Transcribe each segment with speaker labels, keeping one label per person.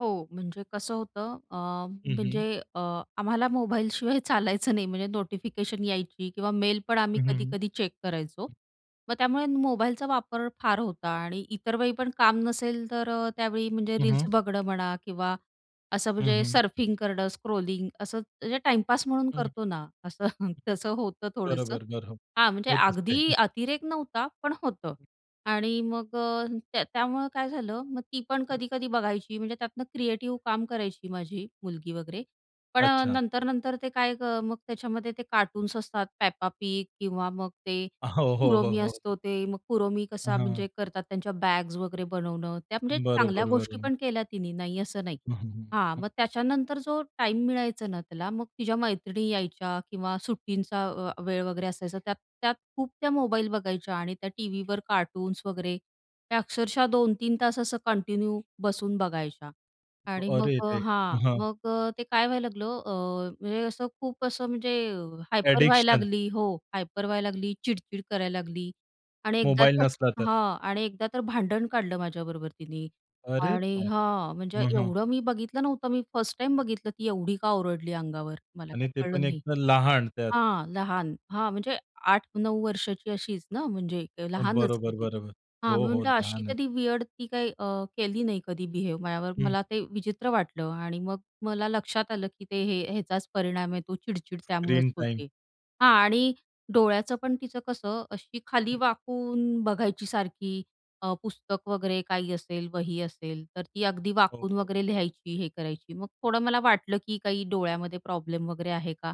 Speaker 1: हो, म्हणजे कसं होतं अ,
Speaker 2: हं,
Speaker 1: म्हणजे
Speaker 2: हं.
Speaker 1: अ, आम्हाला मोबाईलशिवाय चालायचं नाही म्हणजे नोटिफिकेशन यायची किंवा मेल पण आम्ही
Speaker 2: हं, हं.
Speaker 1: कधी-कधी चेक करायचो. मग त्यामुळे मोबाईलचा वापर फार होता आणि इतर वेळी पण काम नसेल तर अ, त्यावेळी म्हणजे
Speaker 2: हं,
Speaker 1: रील्स
Speaker 2: हं.
Speaker 1: बघणं म्हणा किंवा असं
Speaker 2: हं,
Speaker 1: म्हणजे
Speaker 2: हं.
Speaker 1: सर्फिंग करणं स्क्रोलिंग असं म्हणजे टाईमपास म्हणून
Speaker 2: हं.
Speaker 1: करतो ना, असं तसं होतं थोडंसं.
Speaker 2: बरोबर, बरोबर.
Speaker 1: हां म्हणजे
Speaker 2: होत असते.
Speaker 1: अगदी अतिरेक नव्हता, पण होतं. आणि मग अ, त्या त्यामुळे काय झालं मग ती पण कधी-कधी बघायची म्हणजे त्यातनं क्रिएटिव काम करायची माझी मुलगी वगैरे पण
Speaker 2: अच्छा.
Speaker 1: नंतर-नंतर ते काय मग त्याच्यामध्ये ते कार्टून्स असतात, Peppa Pig किंवा मग ते
Speaker 2: हो, हो, हो,
Speaker 1: Kuromi
Speaker 2: हो.
Speaker 1: असतो ते. मग Kuromi कसा
Speaker 2: हां.
Speaker 1: म्हणजे करतात, त्यांच्या बॅग्स वगैरे बनवणं त्या म्हणजे
Speaker 2: बरोबर,
Speaker 1: चांगल्या गोष्टी
Speaker 2: बरोबर.
Speaker 1: पण केल्या तिनी नाही असं नाही.
Speaker 2: हं, हं,
Speaker 1: हां.
Speaker 2: हं.
Speaker 1: मग त्याच्यानंतर जो टाईम मिळायचा ना, त्याला मग तिच्या मैत्रिणी यायच्या किंवा सुट्टींचा वेळ वगैरे असायचा त्यात त्यात खूप त्या मोबाईल बघायच्या आणि त्या टीव्हीवर कार्टून्स वगैरे त्या अक्षरशः 2-3 तास असं कंटिन्यू बसून बघायच्या. आणि मग
Speaker 2: अरे
Speaker 1: अ,
Speaker 2: रे!
Speaker 1: हां
Speaker 2: हं.
Speaker 1: मग अ, ते काय व्हायला लागलं अ, म्हणजे असं खूप असं म्हणजे हायपर व्हायला
Speaker 2: ॲडिक्शन.
Speaker 1: लागली हो हायपर व्हायला लागली, चिडचिड करायला लागली आणि एकदा
Speaker 2: मोबाईल
Speaker 1: तर
Speaker 2: नसला तर.
Speaker 1: हां आणि एकदा तर भांडण काढलं माझ्याबरोबर तिने.
Speaker 2: अरे
Speaker 1: आणि
Speaker 2: बाप!
Speaker 1: हां म्हणजे
Speaker 2: हं, हं.
Speaker 1: एवढं मी बघितलं नव्हतं मी फर्स्ट टाईम बघितलं ती एवढी का ओरडली अंगावर. मला
Speaker 2: आणि
Speaker 1: काही
Speaker 2: ते पण
Speaker 1: कळलं
Speaker 2: एक
Speaker 1: नाही.
Speaker 2: लहान त्यात.
Speaker 1: हां, लहान हां म्हणजे 8-9 वर्षाची अशीच ना म्हणजे लहानच की
Speaker 2: बरोबर,
Speaker 1: ती.
Speaker 2: बरोबर.
Speaker 1: हां
Speaker 2: हो,
Speaker 1: मी
Speaker 2: हो.
Speaker 1: म्हटलं अशी
Speaker 2: लहान.
Speaker 1: कधी विअर्ड ती काही केली नाही कधी बिहेव माझ्यावर,
Speaker 2: हं.
Speaker 1: मला ते विचित्र वाटलं आणि मग मला लक्षात आलं, की ते हे ह्याचाच परिणाम आहे तो चिडचिड त्यामुळेच
Speaker 2: स्क्रीन टाईम.
Speaker 1: होते. हां आणि डोळ्याचं पण तिचं कसं अशी खाली
Speaker 2: हं.
Speaker 1: वाकून बघायची सारखी अ, पुस्तक वगैरे काही असेल वही असेल तर ती अगदी
Speaker 2: हो,
Speaker 1: वाकून
Speaker 2: हो.
Speaker 1: वगैरे लिहायची हे करायची मग थोडं मला वाटलं की काही डोळ्यामध्ये प्रॉब्लेम वगैरे आहे का?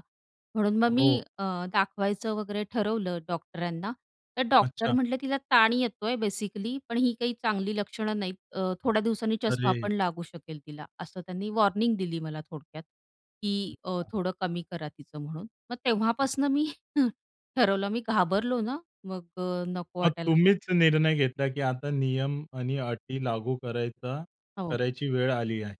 Speaker 1: म्हणून मग मी
Speaker 2: हो.
Speaker 1: अ, दाखवायचं वगैरे ठरवलं डॉक्टरांना तर डॉक्टर
Speaker 2: अच्छा.
Speaker 1: म्हटले तिला ताण येतोय बेसिकली पण ही काही चांगली लक्षणं नाहीत अ, थोड्या दिवसांनी चष्मा
Speaker 2: अरे!
Speaker 1: पण लागू शकेल तिला. असं त्यांनी वॉर्निंग दिली मला थोडक्यात, की अ,
Speaker 2: अच्छा.
Speaker 1: थोडं कमी करा तिचं म्हणून. मग
Speaker 2: हं.
Speaker 1: तेव्हापासून मी हं. ठरवलं मी घाबरलो ना, मग अ, नको
Speaker 2: मग
Speaker 1: वाटायला
Speaker 2: तुम्हीच निर्णय घेतला की आता नियम आणि अटी लागू करायचा,
Speaker 1: हो.
Speaker 2: करायची वेळ आली आहे.